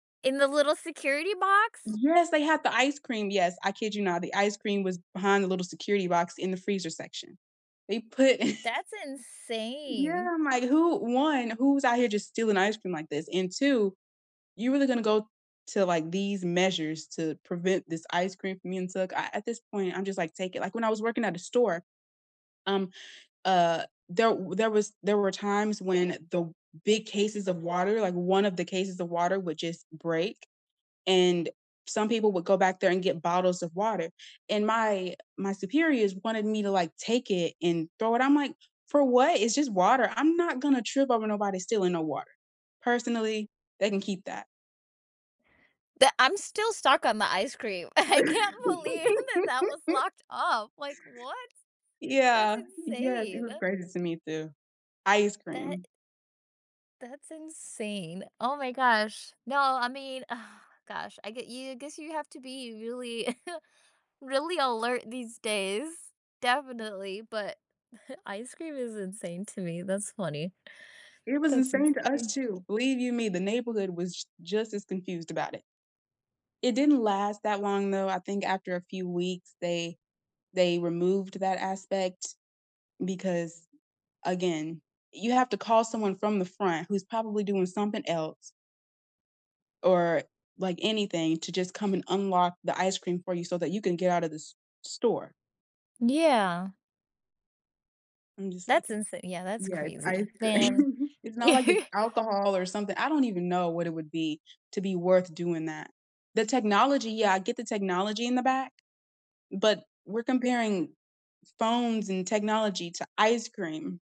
In the little security box? Yes, they have the ice cream, yes, I kid you not, the ice cream was behind the little security box in the freezer section. They put That's Yeah, insane. I'm like, "Who 1, who's out here just stealing ice cream like this, and 2, you really gonna go to like these measures to prevent this ice cream from being took," a at this point, I'm just like, "Take it," like, when I was working at a store, um, uh, there there was there were times when the big cases of water, like, 1 of the cases of water would just break, and some people would go back there and get bottles of water and my my superiors wanted me to, like, take it and throw it, I'm like, "For what, it's just water, I'm not gonna trip over nobody stealing no water." Personally, they can keep that. The I'm still stuck on the ice cream. I can't believe that that was locked up, like, what? That's Yeah, yeah, it insane. was crazy to me, too. Ice That cream. i That's insane, oh my gosh, no, I mean, gosh, I get you I guess you have to be really really alert these days, definitely, but, ice cream is insane to me, that's funny. It was That's insane to us, insane. too, believe you me, the neighborhood was j just as confused about it. It didn't last that long, though, I think after a few weeks, they they removed that aspect because, again, you have to call someone from the front who's probably doing something else or, like, anything to just come and unlock the ice cream for you so that you can get out of the s store. Yeah. I'm just like That's it insa yeah, that's Yeah, crazy, it's man. cream, it's not like it's alcohol or something, I don't even know what it would be to be worth doing that. The technology, yeah, I get the technology in the back, but we're comparing phones and technology to ice cream.